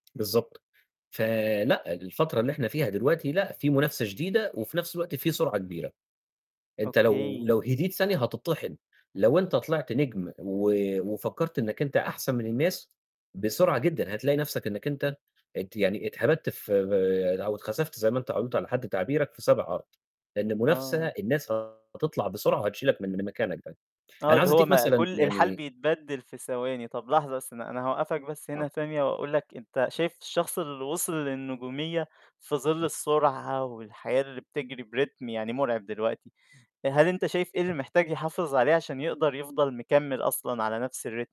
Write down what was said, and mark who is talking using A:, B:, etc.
A: بالضبط. ف لأ. الفترة اللي إحنا فيها دلوقتي، لأ في منافسة شديدة وفي نفس الوقت في سرعة كبيرة، أنت لو لو
B: أوكي.
A: هديت ثانية هتِطحِن، لو أنت طِلِعت نجم، و وفكّرت إنك أنت أحسن من الناس، بسرعة جدًا هتلاقي نفسك إنك أنت ات يعني اتهَبَدت في آآ، أو اتخسفت، زي ما أنت قُلت على حد تعبيرك، في سابع أرض، لأن المنافسة
B: آه.
A: الناس هتطلع بسرعة وهتشيلك من، من مكانك ده.
B: آه،
A: أنا
B: اللي
A: عاوز
B: هو
A: ادّيك
B: ما
A: مثلًا
B: كُلّ الحال
A: يعني
B: بيتبدِّل في ثواني، طَب لحظة بس، أنا أنا هاوقّفك بس هنا
A: آه.
B: ثانية، وأقول لك أنت شايف الشخص اللي وصِل للنجومية في ظِلّ السرعة والحياة اللي بتجري بريتم يعني مرعب دلوقتي، هل أنت شايف إيه اللي
A: [unintelligible]
B: محتاج يحافظ عليه عشان يقدر يفضل مكمِّل أصلًا على نَفْس الريتم؟